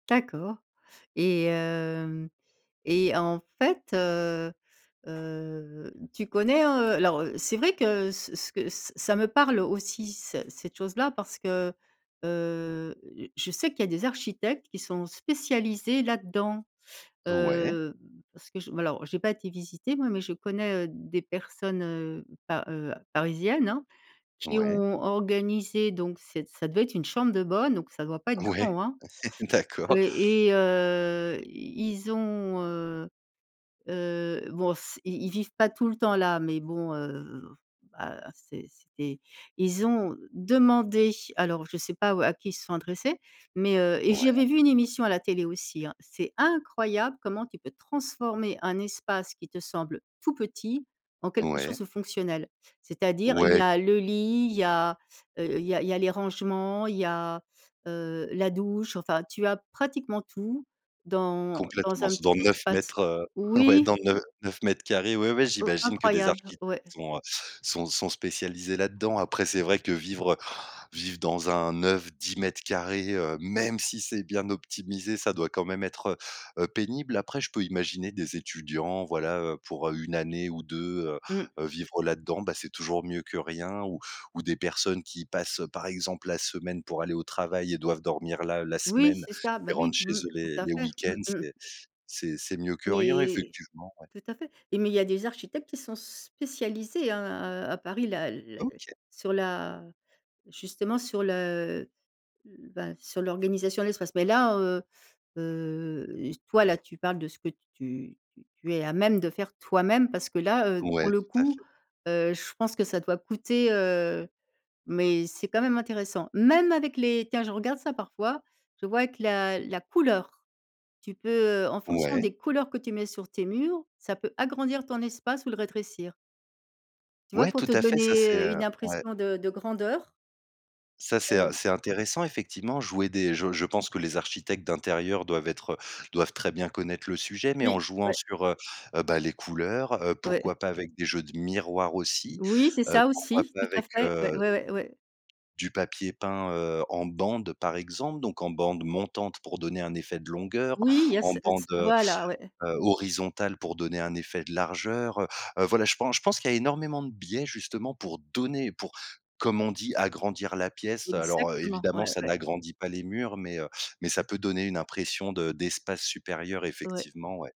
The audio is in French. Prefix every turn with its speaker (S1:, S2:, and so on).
S1: D'accord et hem et en fait, heu heu, tu connais, heu, alors, c'est vrai que ce ce que ce ça me parle aussi, c cette chose là, parce que, heu, je sais qu'il y a des architectes qui sont spécialisés là dedans,
S2: Ouais.
S1: heu, parce que, j alors, j'ai pas été visiter moi, mais je connais, heu, des personnes, heu, pa heu, parisiennes, hein, qui
S2: Ouais.
S1: ont organisé donc, c'est ça devait être une chambre de bonne, donc ça doit pas être
S2: Ouais,
S1: grand, hein, heu,
S2: d'accord.
S1: et heu, i ils ont, heu heu, bon s ils ils vivent pas tout le temps là mais bon, heu, bah, c'est c'est des ils ont demandé, alors je sais pas ou à qui ils se sont adressés, mais, heu et
S2: Ouais.
S1: j'avais vu une émission à la télé aussi, hein, c'est incroyable comment tu peux transformer un espace qui te semble tout petit, en quelque chose
S2: Ouais.
S1: de fonctionnel. C'est-à-dire, il y
S2: Ouais.
S1: a le lit, il y a, heu, il y a il y a les rangements, il y a, heu, la douche, enfin, tu as pratiquement tout dans dans
S2: Complètement,
S1: un
S2: c'est
S1: petit
S2: dans neuf
S1: espace.
S2: mètres, heu, ouais,
S1: Oui.
S2: dans neu 9 m², ouais, ouais,
S1: Oh,
S2: j'imagine que des
S1: incroyable,
S2: architectes
S1: ouais.
S2: sont, heu, sont sont spécialisés là-dedans. Après, c'est vrai que vivre, heu, vivre dans un 9-10 m², heu, même si c'est bien optimisé, ça doit quand même être, heu heu, pénible. Après, je peux imaginer des étudiants, voilà, heu, pour, heu, 1 année ou 2, heu
S1: Mmh.
S2: heu, vivre là-dedans, bah, c'est toujours mieux que rien ou ou des personnes qui passent, par exemple, la semaine pour aller au travail et doivent dormir là, la
S1: Oui,
S2: semaine
S1: c'est ça,
S2: et
S1: bah,
S2: rentre
S1: oui,
S2: chez
S1: mmh,
S2: eux
S1: tout
S2: les
S1: à
S2: les
S1: fait, mmh
S2: week-ends,
S1: mh.
S2: c'est c'est c'est mieux que rien
S1: Mais
S2: effectivement, ouais.
S1: tout à fait et mais il y a des architectes qui sont spécialisés hein, heu, à Paris là, la
S2: OK.
S1: sur la, justement, sur le l bah sur l'organisation de l'espace. Mais là, heu heu, s toi là, tu parles de ce que t tu tu tu es à même de faire toi-même, parce que là, heu, pour
S2: Ouais,
S1: le
S2: tout à
S1: coup,
S2: fait.
S1: heu, je pense que ça doit coûter, heu, mais c'est quand même intéressant. Même avec les tiens, je regarde ça parfois, je vois que la la couleur, tu peux, heu, en fonction
S2: Ouais.
S1: des couleurs que tu mets sur tes murs, ça peut agrandir ton espace ou le rétrécir. Tu vois
S2: Ouais,
S1: pour
S2: tout
S1: te
S2: à fait, ça
S1: donner,
S2: c'est,
S1: heu,
S2: heu,
S1: une
S2: ouais.
S1: impression de de grandeur?
S2: Ça c'est, heu,
S1: Heu
S2: c'est intéressant effectivement jouer des je je pense que les architectes d'intérieur doivent être, heu, doivent très bien connaître le sujet, mais en
S1: Oui,
S2: jouant
S1: ouais.
S2: sur, heu heu, bah les couleurs, heu,
S1: Ouais.
S2: pourquoi pas avec des jeux de miroirs aussi,
S1: Oui, c'est
S2: heu,
S1: ça
S2: pourquoi
S1: aussi,
S2: pas
S1: tout à
S2: avec,
S1: fait, ouais,
S2: heu,
S1: ouais, ouais, ouais.
S2: du papier peint, heu, en bande, par exemple, donc en bande montante pour donner un effet de longueur,
S1: Oui, il y a
S2: en
S1: c heu,
S2: bande,
S1: c
S2: heu
S1: voilà ouais.
S2: heu, horizontale pour donner un effet de largeur, heu heu, voilà, je pen je pense qu'il y a énormément de biais justement pour donner, pour, comme on dit: «agrandir la pièce». Alors, heu,
S1: Exactement.
S2: évidemment
S1: Ouais,
S2: ça
S1: ouais.
S2: n'agrandit pas les murs mais, heu, mais ça peut donner une impression de d'espace supérieur
S1: Ouais.
S2: effectivement, ouais.